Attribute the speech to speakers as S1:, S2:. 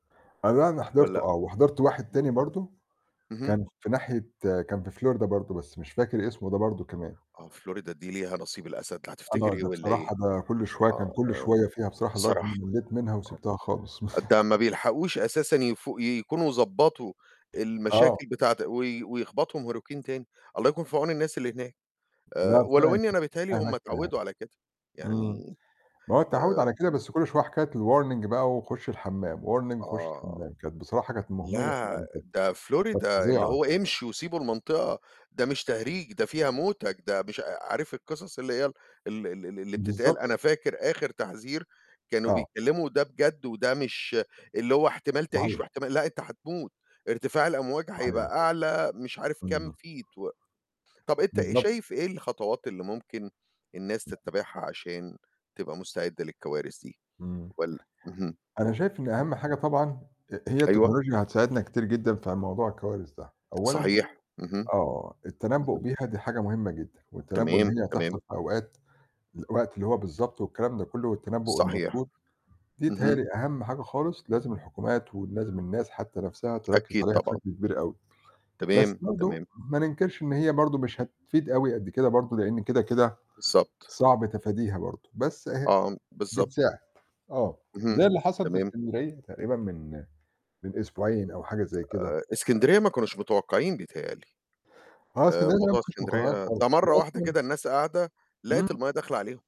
S1: أنا ده أنا حضرته
S2: والّا
S1: آه، وحضرت واحد
S2: اهم.
S1: تاني برضه
S2: اهم.
S1: كان في ناحية كان في Florida برضه بس مش فاكر اسمه ده برضه كمان.
S2: آه، Florida دي ليها نصيب الأسد هتفتكر
S1: آه،
S2: إيه
S1: ده
S2: والّا إيه؟
S1: بصراحة ده كل شوية كان
S2: آه،
S1: كل
S2: آه، ن
S1: شوية فيها بصراحة لدرجة
S2: بصراحة
S1: إنّي ملّيت منها وسبتها خالص.
S2: ده ما بيلحقوش أساسًا يفو يكونوا ضبّطوا
S1: آه.
S2: المشاكل بتاعة وي ويخبطهم hurricane تاني، الله يكون في عون الناس اللي هناك، آآ
S1: لأ،
S2: ولو
S1: فعلًا
S2: إنّي
S1: كانت
S2: أنا بتهيأ لي
S1: [unintelligible]
S2: هم
S1: هناك
S2: اتعوّدوا على كده.
S1: إمم.
S2: يعني
S1: ما هو التعوّد على كده
S2: آمم
S1: بس كل شوية كانت الwarning بقى وخُش الحمّام، warning وخُش
S2: آه.
S1: الحمام، كانت بصراحة كانت مُهمِلة
S2: لأ،
S1: يعني كانت
S2: ده
S1: كانت
S2: Florida اللي
S1: فظيعة.
S2: هو امشوا وسيبوا المنطقة ده مش تهريج، ده فيها موتك، ده مش أ أ عارف القصص اللي هي ال ال ال ال اللي بتتقال،
S1: بالضبط.
S2: أنا فاكر آخِر تحذير كانوا
S1: آه.
S2: بيكلموا وده بجد وده مش اللي هو احتمال تعيش
S1: صحيح.
S2: واحتمال لأ، أنت هتموت، ارتفاع الأمواج
S1: صحيح.
S2: هيبقى أعلى مش عارف كام
S1: إمم.
S2: feet و طَب أنت آآ
S1: بالضبط.
S2: شايف إيه الخطوات اللي ممكن الناس تتبعها عشان تبقى مستعدة للكوارث دي؟
S1: إمم.
S2: وال اهم،
S1: أنا شايف إن أهم حاجة طبعًا أ أ هي
S2: أيوه.
S1: التكنولوجيا هتساعدنا كتير جدًا في موضوع الكوارث ده، أولًا
S2: صحيح، اهم.
S1: آه، التنبّؤ
S2: اهم.
S1: بيها دي حاجة مُهمّة جدًا والتنبّؤ إن
S2: تمام،
S1: هي هتحصل
S2: تمام.
S1: في أوقات، الوقت اللي هو بالضبط والكلام ده كلّه والتنبّؤ
S2: صحيح.
S1: المضبوط، دي بتهيأ
S2: اهم.
S1: لي أهم حاجة خالص لازم الحكومات ولازم الناس حتى نَفْسها تركّز
S2: أكيد
S1: عليها
S2: طبعًا.
S1: بشكل كبير أوي، بس
S2: تمام،
S1: برضه
S2: تمام.
S1: ما ننكرش إن هي برضه مش هتفيد أوي قد كده برضه، لإن كده، كده
S2: بالضبط.
S1: صعب تفاديها برضه بس، أهي
S2: آه، أم بالضبط.
S1: بتساعد آه. زي
S2: اهم،
S1: اللي حصل في
S2: تمام.
S1: إسكندرية تقريبًا من من أسبوعين أو حاجة زي كده.
S2: آآ إسكندرية ما كانوش متوقعين بتهيأ لي،
S1: آه،
S2: آآ
S1: إسكندرية دي لأ،
S2: موضوع
S1: ما فيش مُقارنات
S2: إسكندرية ده
S1: خالص
S2: مرّة واحدة
S1: وأصلًا
S2: كده الناس قاعدة لقت
S1: إمم.
S2: المَيّة داخلة عليهم.